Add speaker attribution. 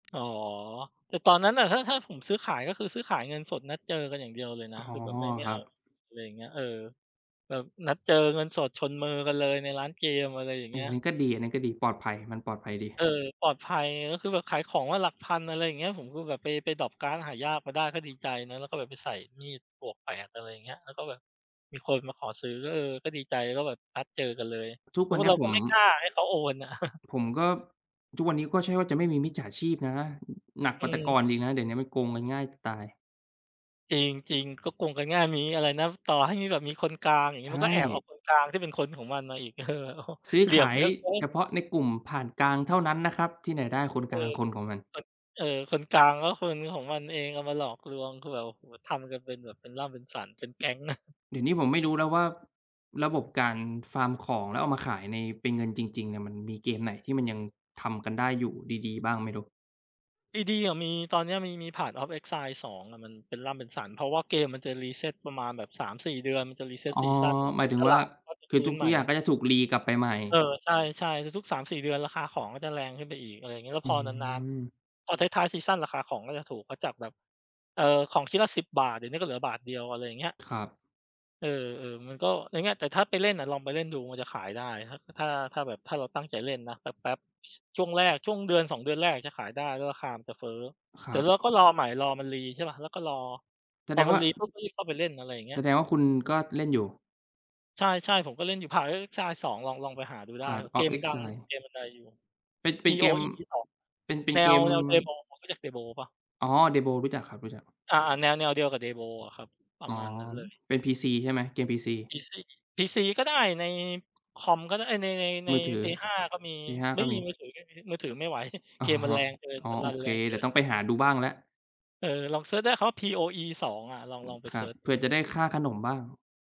Speaker 1: อ๋อ แต่ตอนนั้นอะ ถ้า ถ้าผมซื้อขาย ก็คือซื้อขายเงินสด นัดเจอกันอย่างเดียวเลยน
Speaker 2: อ
Speaker 1: ะ
Speaker 2: ๋อ
Speaker 1: คือแบบไม่ ไม่
Speaker 2: คร
Speaker 1: เ
Speaker 2: ั
Speaker 1: อา
Speaker 2: บ
Speaker 1: เลย อะไรอย่างเงี้ย เออ แบบนัดเจอเงินสดชนมือกันเลยในร้านเกม อะไรอย่าง
Speaker 2: อ
Speaker 1: เ
Speaker 2: ั
Speaker 1: งี้ย
Speaker 2: นนี้ก็ดี อันนี้ก็ดี ปลอดภัย มันปลอดภัยดี
Speaker 1: เออ ปลอดภัย ก็คือแบบขายของมาหลักพัน อะไรอย่างเงี้ย ผมก็แบบไป ไปดร็อปการ์ดหายากมาได้ ก็ดีใจนะ แล้วก็แบบไปใส่มีด +8 อะไรอย่างเงี้ย แล้วก็แบบมีคนมาขอซื้อ ก็ เออ ก็ดีใจ ก็แบบนัดเจอกันเลย
Speaker 2: ทุก
Speaker 1: เพร
Speaker 2: ว
Speaker 1: า
Speaker 2: ั
Speaker 1: ะ
Speaker 2: น
Speaker 1: ว่
Speaker 2: น
Speaker 1: า
Speaker 2: ี
Speaker 1: เ
Speaker 2: ้
Speaker 1: รา
Speaker 2: ผ
Speaker 1: ก็
Speaker 2: ม
Speaker 1: ไม่กล้าให้เขาโอนอะ
Speaker 2: ผมก็ ทุกวันเนี้ยก็ใช่ว่าจะไม่มีมิจฉาชีพนะ หนักก
Speaker 1: อื
Speaker 2: ว่าแต่ก่อ
Speaker 1: ม
Speaker 2: นอีกนะ เดี๋ยวนี้มันโกงกันง่ายจะตาย
Speaker 1: จริง จริง ก็โกงกันง่าย มีอะไรนะ ต่อให้มีแบบมีคนกลาง อย่าง
Speaker 2: ใ
Speaker 1: งี
Speaker 2: ช
Speaker 1: ้ มันก็แอบเอา
Speaker 2: ่
Speaker 1: คนกลางที่เป็นคนของมันมาอีก เออ โอ้โฮ
Speaker 2: ซื้อ
Speaker 1: เหลี่
Speaker 2: ข
Speaker 1: ยม
Speaker 2: าย
Speaker 1: เยอะเกิ
Speaker 2: เ
Speaker 1: น
Speaker 2: ฉพาะในกลุ่มผ่านกลางเท่านั้นนะครับ ที่ไหนได้คน
Speaker 1: เอ
Speaker 2: กลาง
Speaker 1: อ
Speaker 2: คนของมัน
Speaker 1: คน เออ คนกลาง ก็คนของมันเองเอามาหลอกลวง คือแบบ โอ้โฮ ทำกันเป็นแบบเป็นล่ำเป็นสัน เป็นแก๊งนะ
Speaker 2: เดี๋ยวนี้ผมไม่รู้แล้วว่า ระบบการฟาร์มของแล้วเอามาขายใน เป็นเงินจริง ๆ อะ มันมีเกมไหนที่มันยังทำกันได้อยู่ดี ๆ บ้างไม่รู้
Speaker 1: ดี ๆ อะมี ตอนนี้มี มี Path of Exile 2 อะมันเป็นล่ำเป็นสัน เพราะว่าเกมมันจะ reset ประมาณแบบ 3-4 เดือนมันจะ
Speaker 2: อ
Speaker 1: reset
Speaker 2: ๋อ
Speaker 1: ซีซัน
Speaker 2: หมายถึง
Speaker 1: ต
Speaker 2: ว่
Speaker 1: ล
Speaker 2: า
Speaker 1: าดก็จะ
Speaker 2: คื
Speaker 1: ฟ
Speaker 2: อ
Speaker 1: ื
Speaker 2: ท
Speaker 1: ้นให
Speaker 2: ุ
Speaker 1: ม
Speaker 2: ก ๆ
Speaker 1: ่
Speaker 2: อย่างก็จะถูกรีกลับไปใหม่
Speaker 1: เออ ใช่ ๆ ทุก ๆ 3-4 เดือนราคาของก็จะแรงขึ้นไปอีก อะไรอย่างเงี้ย แล้
Speaker 2: อ
Speaker 1: ว
Speaker 2: ื
Speaker 1: พอนาน
Speaker 2: ม
Speaker 1: ๆ พอท้าย ๆ ซีซันราคาของก็จะถูก ก็จากแบบ เอ่อ ของชิ้นละ ฿10 เดี๋ยวนี้ก็เหลือบาทเดียว อะไรอย่างเงี้ย
Speaker 2: ครับ
Speaker 1: เออ ๆ มันก็อย่างเงี้ย แต่ถ้าไปเล่นอะลองไปเล่นดูมันจะขายได้ ถ้า ถ้า ถ้าแบบ ถ้าเราตั้งใจเล่นนะแป๊บ ๆ ช่วงแรก ช่วงเดือน 2 เดือนแรกจะขายได้ แล้วราคามันจะเฟ้อ
Speaker 2: ค
Speaker 1: เ
Speaker 2: ร
Speaker 1: สร็
Speaker 2: ั
Speaker 1: จ
Speaker 2: บ
Speaker 1: เราก็รอใหม่ รอมันรี ใช่เปล่า แล้วก็รอ
Speaker 2: แส
Speaker 1: พ
Speaker 2: ด
Speaker 1: อ
Speaker 2: ง
Speaker 1: มั
Speaker 2: ว
Speaker 1: น
Speaker 2: ่า
Speaker 1: รีปุ๊บ ก็รีบเข้าไปเล่น อะไรอย่างเงี
Speaker 2: แ
Speaker 1: ้
Speaker 2: ส
Speaker 1: ย
Speaker 2: ดงว่าคุณก็เล่นอยู่
Speaker 1: ใช่ ๆ ผมก็เล่นอยู่ Path of Exile 2 ลอง ลองไปหาดูได้คร
Speaker 2: Path
Speaker 1: ับ เก
Speaker 2: of
Speaker 1: มมันดัง
Speaker 2: Exile
Speaker 1: เกมมันดังอยู่
Speaker 2: เป็น เป็นเกม
Speaker 1: POE 2 อะ
Speaker 2: เป็น เป็
Speaker 1: แ
Speaker 2: น
Speaker 1: น
Speaker 2: เก
Speaker 1: ว
Speaker 2: ม
Speaker 1: แนว Diablo คุณรู้จัก Diablo เปล่า?
Speaker 2: อ๋อ Diablo รู้จักครับ รู้จัก
Speaker 1: อา ๆ แนว แนวเดียวกับ Diablo อะครับ ปร
Speaker 2: อ๋
Speaker 1: ะ
Speaker 2: อ
Speaker 1: มาณนั้นเลย
Speaker 2: เป็น PC ใช่ไหม? เกม PC
Speaker 1: PC PC ก็ได้ ใน คอมก็ได้ เอ๊ย ใน ใน ใน
Speaker 2: มือถือ
Speaker 1: Play 5 ก็มี
Speaker 2: Play 5
Speaker 1: ไม
Speaker 2: ก็
Speaker 1: ่ม
Speaker 2: ม
Speaker 1: ี
Speaker 2: ี
Speaker 1: มือถือไม่มี มือถือไม่ไหว
Speaker 2: อ๋
Speaker 1: เก
Speaker 2: อ
Speaker 1: มมันแรงเกิน
Speaker 2: อ๋อ
Speaker 1: มันร
Speaker 2: โอ
Speaker 1: ัน
Speaker 2: เค
Speaker 1: แรงเ
Speaker 2: เ
Speaker 1: ก
Speaker 2: ดี
Speaker 1: ิ
Speaker 2: ๋ยว
Speaker 1: น
Speaker 2: ต้องไปหาดูบ้างแล้ว
Speaker 1: เออ ลองเซิร์ชได้คำว่า POE 2 อะ ลอง
Speaker 2: อื
Speaker 1: ลอ
Speaker 2: ม
Speaker 1: งไป
Speaker 2: คร
Speaker 1: เ
Speaker 2: ั
Speaker 1: ซ
Speaker 2: บ
Speaker 1: ิร์ช
Speaker 2: เผ
Speaker 1: ด
Speaker 2: ื
Speaker 1: ู
Speaker 2: ่อจะได้ค่าขนมบ้าง